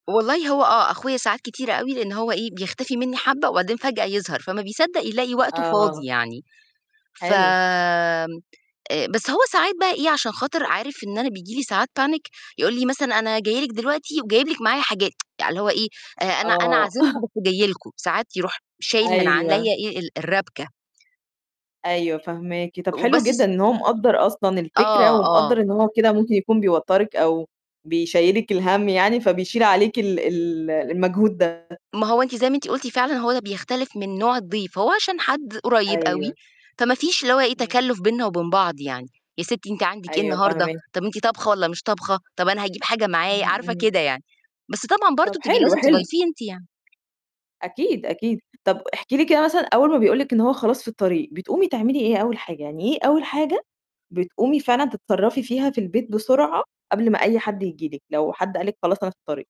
والله هو آه، أخويا ساعات كتيرة أوي لإن هو إيه، بيختفي منّي حبّة وبعدين فجأة، يظهر فما بيصدّق يلاقي وقته فاضي آه يعني، فم حلو. آآ، بس هو ساعات بقى إيه، عشان خاطر عارف إن أنا بييجي لي ساعات panic يقول لي مثلًا أنا جاي لِك دلوقتي وجايب لِك معايا حاجات. يعني اللي هو إيه، آآ، أنا أنا آه. عازمكوا بس جاي لكم. ساعات يروح شايل من أيوه. عليّا إيه، ال الرابكة. أيوه فهماكِ. طَب حلو وبس جدًا س إن هو مقدّر أصلًا الفكرة آه، آه. ومقدّر إن هو كده ممكن يكون بيوتَّرِك أو بيشيّلِك الَهم يعني فبيشيل عليكِ ال ال المجهود ده. ما هو أنتِ زي ما أنتِ قلتِ فعلًا هو ده بيختلف من نوع الضيف، فهو عشان حد قريّب أوي، أيوه. فما فيش اللي هو إيه إمم. تكلُّف بيننا وبين بعض يعني، يا سِتّي أنتِ عندِك إيه أيوه النهارده فاهماكِ. طَب أنتِ طابخة والّا مش طابخة؟ طَب أنا هاجيب حاجة معايا. إمم، عارفة، إمم. كده يعني. بس طبعًا طَب برضه تبقى حلو، لازم حلو. تضيفيه أنتِ يعني. أكيد، أكيد. طَب احكي لي كده مثلًا أول ما بيقول لك إن هو خلاص في الطريق، بتقومي تعملي إيه أول حاجة؟ يعني إيه أول حاجة بتقومي فعلًا تتصرّفي فيها في البيت بسرعة قبل ما أي حد ييجي لِك، لو حد قال لِك خلاص أنا في الطريق؟